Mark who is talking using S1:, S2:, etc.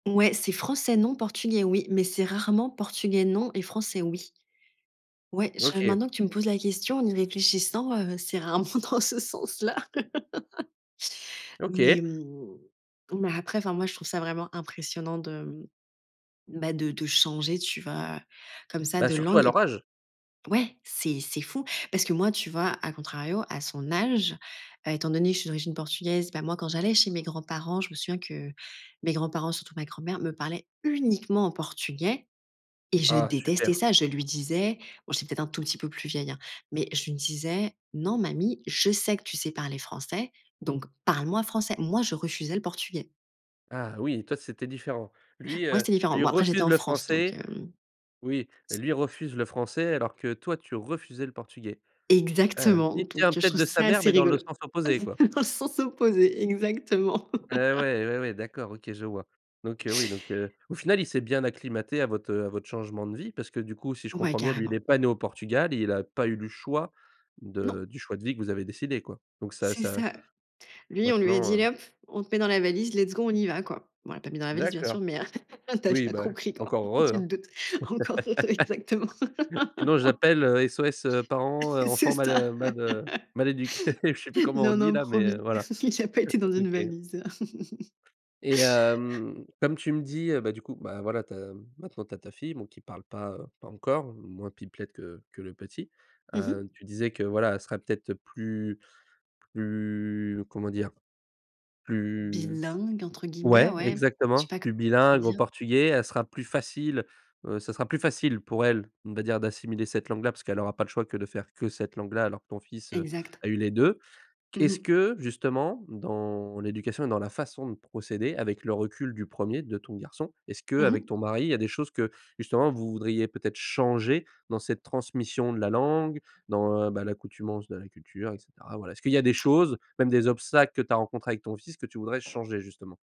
S1: Ouais, c'est français, non, portugais, oui, mais c'est rarement portugais, non et français, oui ouais, je
S2: OK.
S1: maintenant que tu me poses la question en y réfléchissant, heu, c'est rarement dans ce sens-là. Mais,
S2: OK.
S1: mmh, mais après, enfin, moi, je trouve ça vraiment impressionnant de, mmh, bah, de de changer, tu vois, comme ça,
S2: Bah,
S1: de
S2: surtout
S1: langue.
S2: à
S1: Et b
S2: leur âge.
S1: ouais, c'est c'est fou parce que moi, tu vois, à contrario, à son âge, heu, étant donné que je suis d'origine portugaise, bah, moi, quand j'allais chez mes grands parents, je me souviens que mes grands-parents, surtout ma grand-mère, me parlaient uniquement en portugais. Et je
S2: Ah
S1: détestais
S2: super.
S1: ça. Je lui disais, bon j'étais peut-être un tout petit peu plus vieille, hein, mais je lui disais: «Non, mamie, je sais que tu sais parler français, donc parle moi français». Moi, je refusais le portugais.
S2: Ah oui, toi, c'était différent. Lui,
S1: Ouais,
S2: heu,
S1: c'est différent.
S2: lui
S1: Bon après, j'étais
S2: refuse
S1: en
S2: le
S1: France, donc,
S2: français.
S1: hem
S2: Oui. Lui refuse le français alors que toi, tu refusais le portugais. Heu,
S1: Exactement.
S2: il
S1: Donc,
S2: tient
S1: heu, je
S2: peut-être
S1: trouve
S2: de sa
S1: ça
S2: mère
S1: assez
S2: mais dans le
S1: rigolo.
S2: sens opposé, quoi.
S1: Dans le sens opposé, exactement.
S2: Ouais, ouais, ouais, ouais, d'accord, OK, je vois. Donc, heu, oui donc, heu, au final, il s'est bien acclimaté à votre, heu, à votre changement de vie parce que du coup, si je
S1: Ouais,
S2: comprends bien, lui, il est
S1: carrément.
S2: pas né au Portugal, il a pas eu le choix
S1: Non.
S2: de du choix de vie que vous avez décidé, quoi. Donc ça
S1: C'est
S2: ça
S1: ça. Lui, on lui a dit:
S2: maintenant, heu
S1: «Allez, hop, on te met dans la valise, let's go, on y va», quoi. Bon, on l'a pas mis dans la valise, bien
S2: D'accord.
S1: sûr, mais, heu, tu as
S2: Oui,
S1: déjà
S2: bah,
S1: compris, quoi.
S2: encore heureux,
S1: Tu te
S2: hein.
S1: doutes. Encore, exactement.
S2: Sinon, j'appelle, heu, SOS, heu, parents, heu,
S1: C'est
S2: enfants mal,
S1: ça.
S2: heu, mal, heu, mal éduqués. Je sais plus comment on
S1: Non,
S2: dit
S1: non,
S2: là, mais, heu,
S1: promis.
S2: voilà.
S1: Il a pas été dans une
S2: OK
S1: valise.
S2: et hem, comme tu me dis, heu, bah, du coup, bah, voilà, tu as maintenant tu as ta fille, bon, qui parle pas, heu, pas encore, moins pipelette que que le petit.
S1: Mmh
S2: Heu,
S1: mh.
S2: tu disais que, voilà, elle sera peut-être plus plus comment dire? Plus
S1: «Bilingue» entre guillemets,
S2: ouais,
S1: ouais. Je sais
S2: exactement,
S1: pas
S2: plus
S1: comment
S2: bilingue au
S1: dire.
S2: portugais, elle sera plus facile, heu, ce sera plus facile pour elle, on va dire, d'assimiler cette langue là, parce qu'elle aura pas le choix que de faire que cette langue là, alors que ton fils, heu,
S1: Exact.
S2: a eu les 2.
S1: Mmh
S2: Qu'est-ce
S1: mh.
S2: que, justement, dans l'éducation et dans la façon de procéder, avec le recul du 1er, de ton garçon, est-ce
S1: Mmh
S2: qu'avec
S1: mh.
S2: ton mari, il y a des choses que, justement, vous voudriez peut être changer dans cette transmission de la langue, dans, bah, l'accoutumance de la culture et cetera? Voilà, est-ce qu'il y a des choses, même des obstacles, que tu as rencontrés avec ton fils que tu voudrais changer, justement?